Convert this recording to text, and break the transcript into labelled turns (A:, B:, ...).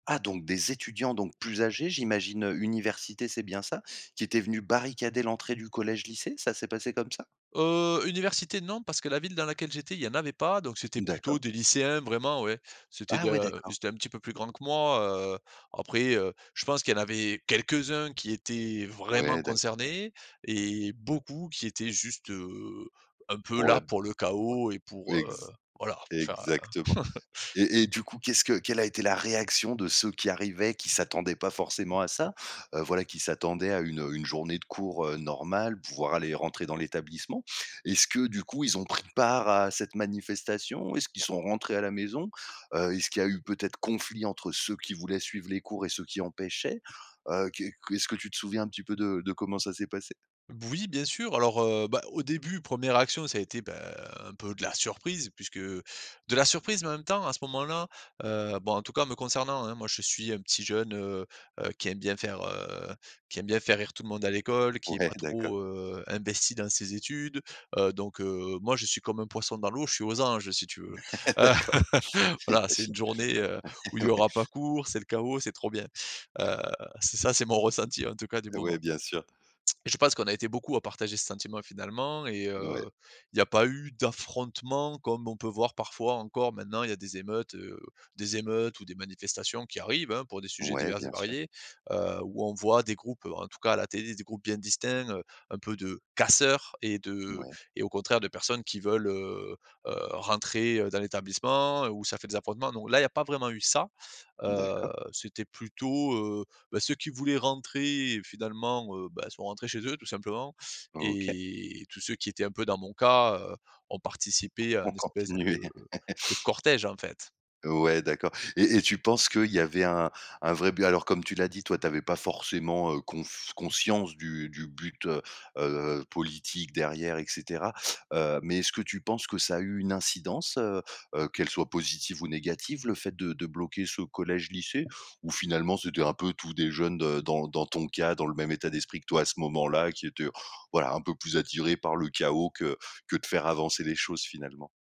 A: Ah, donc des étudiants, donc plus âgés j'imagine, heu, université, c'est bien ça? Qui étaient venus barricader l'entrée du collège-lycée, ça s'est passé comme ça?
B: Heu, université non, parce que la ville dans laquelle j'étais, il y en avait pas, donc c'était
A: Mmh
B: plutôt
A: d'accord.
B: des lycéens vraiment, ouais. C'était
A: Ah ouais
B: de ils
A: d'accord.
B: étaient un petit peu plus grands que moi, heu, après, heu, je pense qu'il y en avait quelques-uns qui étaient vraiment
A: Ouais d'a
B: concernés et beaucoup qui étaient juste, heu, un peu
A: Pour la
B: là
A: b
B: pour le
A: ouais,
B: chaos et pour, heu,
A: ex
B: voilà, pour faire, heu
A: exactement et et du coup, qu'est-ce que quelle a été la réaction de ceux qui arrivaient, qui s'attendaient pas forcément à ça? Heu, voilà, qui s'attendaient à une, heu, une journée de cours, heu, normale, pouvoir aller rentrer dans l'établissement? Est-ce que du coup, ils ont pris part à cette manifestation? Est-ce qu'ils sont rentrés à la maison? Heu, est-ce qu'il y a eu peut-être conflit entre ceux qui voulaient suivre les cours et ceux qui empêchaient? Heu, qu'est qu est-ce que tu te souviens un petit peu de de comment ça s'est passé?
B: Oui, bien sûr. Alors au, heu, bah, au début, 1ère réaction, ça a été, bah, un peu de la surprise puisque de la surprise mais en même temps, à ce moment-là, heu, bon, en tout cas me concernant hein, moi je suis un petit jeune, heu heu, qui aime bien faire, heu, qui aime bien faire rire tout le monde à l'école, qui est
A: Ouais
B: pas
A: d'accord.
B: trop, heu, investi dans ses études, heu, donc, heu, moi je suis comme un poisson dans l'eau, je suis aux anges si tu veux.
A: D'accord.
B: Voilà, c'est
A: J'imagine.
B: une journée, heu, où il
A: Ouais,
B: y
A: ouais.
B: aura pas cours, c'est le chaos, c'est trop bien,
A: Ah.
B: heu, c'est ça, c'est mon ressenti en tout cas du
A: Ouais,
B: moment.
A: bien sûr.
B: Et je pense qu'on a été beaucoup à partager ce sentiment, finalement et
A: Mouais.
B: heu, il y a pas eu d'affrontements comme on peut voir parfois encore maintenant, il y a des émeutes, heu, des émeutes ou des manifestations, qui arrivent hein, pour des sujets
A: Ouais,
B: divers et
A: bien sûr.
B: variés, heu, où on voit des groupes, heu, en tout cas à la télé, des groupes bien distincts, heu, un peu de casseurs et de
A: Mouais.
B: et au contraire, de personnes qui veulent, heu heu, rentrer, heu, dans l'établissement où ça fait des affrontements. Non là, il y a pas vraiment eu ça, heu,
A: D'accord.
B: c'était plutôt, heu, beh, ceux qui voulaient rentrer, finalement, heu, bah ils sont rentrés chez eux tout simplement
A: OK.
B: et tous ceux qui étaient un peu dans mon cas, heu, ont participé à
A: Ont
B: un espèce
A: continué.
B: de de cortège en fait.
A: Ouais d'accord et et tu penses qu'il y avait un un vrai but? Alors comme tu l'as dit, toi, tu avais pas forcément, heu, conf conscience du du but, heu heu heu, politique derrière, et cetera, heu, mais est-ce que tu penses que ça a eu une incidence, heu heu, qu'elle soit positive ou négative, le fait de de bloquer ce collège lycée? Ou finalement, c'était un peu tous des jeunes de dans dans ton cas, dans le même état d'esprit que toi à ce moment-là, qui étaient voilà un peu plus attirés par le chaos, que que de faire avancer les choses finalement?